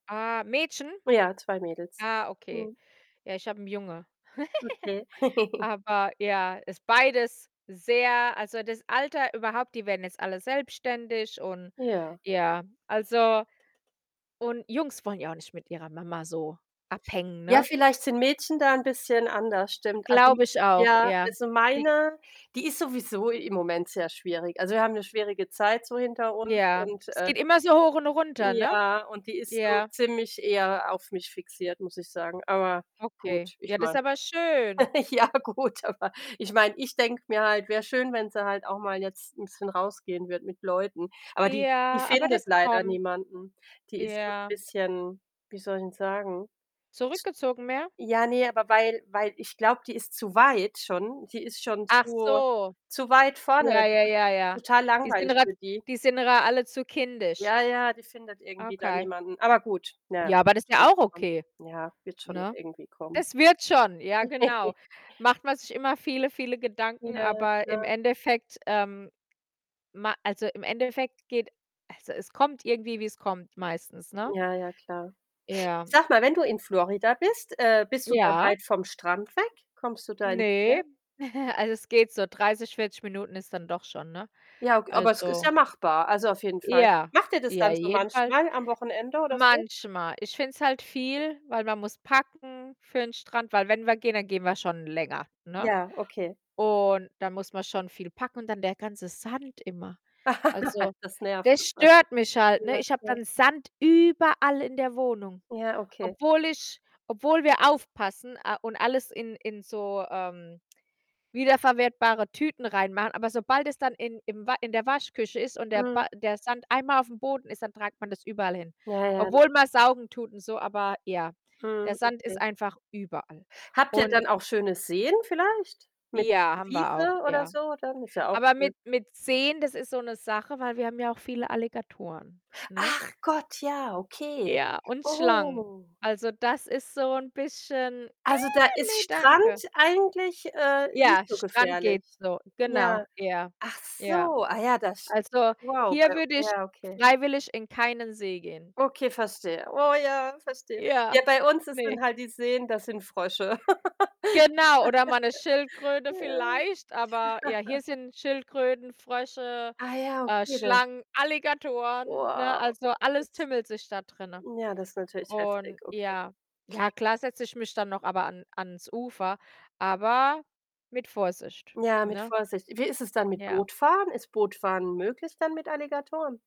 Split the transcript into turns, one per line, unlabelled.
Ah, Mädchen?
Ja, 2 Mädels.
Ah, okay.
Mhm.
Ja, ich habe 'n Junge.
Okay.
Aber ja, ist beides sehr also das Alter überhaupt, die werden jetzt alle selbstständig und
Ja.
ja, also und Jungs wollen ja auch nicht mit ihrer Mama so abhängen,
Ja,
ne?
vielleicht sind Mädchen da 'n bisschen anders, stimmt. Also
Glaube ich auch,
ja,
ja.
also
Die
meine, die ist sowieso i im Moment sehr schwierig. Also, wir haben 'ne schwierige Zeit so hinter uns
Ja,
und,
es
äh
geht immer so hoch und runter, ne?
ja, und die ist so
Ja.
ziemlich eher auf mich fixiert, muss ich sagen. Aber
Okay,
gut, ich
ja, das
meine
aber schön.
ja gut, aber ich meine, ich denke mir halt: „Wär schön, wenn sie halt auch mal jetzt 'n bisschen rausgehen würde mit Leuten.“ Aber die die
Ja, aber
findet
das
leider
kommt.
niemanden. Die ist so 'n
Ja.
bisschen, wie soll ich 'n sagen?
Zurückgezogen mehr?
Ja, ne, aber weil weil ich glaube, die ist zu weit schon. Die ist schon
Ach
zu
so.
zu weit vorne.
Ja,
Das
ja, ja,
ist
ja.
total
Die sind
langweilig
grad
für die.
die sind ihr alle zu kindisch.
Ja, ja, die findet irgendwie da
Okay.
niemanden. Aber gut, na ja,
Ja, aber das
wird
ist ja
schon
auch
kommen.
okay,
Ja, wird schon noch
ne?
irgendwie kommen.
Es wird schon, ja genau. Macht man sich immer viele, viele Gedanken,
Ja,
aber im
klar.
Endeffekt, ähm, ma also im Endeffekt geht also es kommt irgendwie, wie's kommt, meistens, ne?
Ja, ja, klar.
Ja.
Sag mal, wenn du in Florida bist, äh, bist du da
Ja.
weit vom Strand weg? Kommst du da ins Meer?
Ne. Also es geht so, 30, 40 Minuten ist dann doch schon, ne?
Ja, aug aber es ist
Also
ja machbar, also auf jeden Fall.
Ja.
Macht ihr das
Ja,
dann so
jeden Fall
manchmal am Wochenende oder so?
manchmal. Ich finde es halt viel, weil man muss packen für 'n Strand, weil wenn wir gehen, dann gehen wir schon länger, ne,
Ja, okay.
und da muss man schon viel packen und dann der ganze Sand immer, also
Das nervt
das
irgendwas
stört mich halt, ne?
ja,
Ich habe
ja.
dann Sand überall in der Wohnung,
Ja, okay.
obwohl ich obwohl wir aufpassen, a und, alles in in so, ähm, wiederverwertbare Tüten reinmachen. Aber sobald es dann in im wa in der Waschküche ist und der
Mhm.
ba der Sand einmal auf'm Boden ist, dann tragt man das überall hin.
Ja, ja,
Obwohl man
[unintelligible]
saugen tut und so, aber ja. Der
Mhm,
Sand ist
okay.
einfach überall
Habt ihr
und
dann auch schöne Seen vielleicht? Mit
Ja, haben wir auch,
Wiese oder
ja.
so dann? Ist ja auch
Aber
schön.
mit mit Seen, das ist so 'ne Sache, weil wir haben ja auch viele Alligatoren, ne?
Ach Gott, ja okay.
Ja, und Schlangen.
Oh.
Also, das ist so 'n bisschen:
Also, da ist
„Ne,
Strand
danke.”
eigentlich, äh, nicht
Ja,
so
Strand
gefährlich.
geht so,
Ja.
genau, ja,
Ach
ja.
so, ah ja, das
Also,
wow,
hier
bei
würde ich
ja, okay.
freiwillig in keinen See gehen.
Okay, verstehe. Oh ja, verstehe.
Ja.
Ja, bei uns ist
Ne.
dann halt die Seen, da sind Frösche.
Genau, oder mal 'ne Schildkröte
Ja.
vielleicht, aber ja, hier sind Schildkröten, Frösche,
Ah ja,
äh,
okay, da
Schlangen, Alligatoren, ne?
Wow,
Also,
das
alles
ist
tummelt sich da drinnen,
ja, das ist natürlich heftig,
und
okay.
ja. Ja, klar setze ich mich dann noch aber an ans Ufer, aber mit Vorsicht,
Ja, mit
ne? Ja.
Vorsicht. Wie ist es dann mit
Ja.
Bootfahren? Ist Bootfahren möglich dann mit Alligatoren?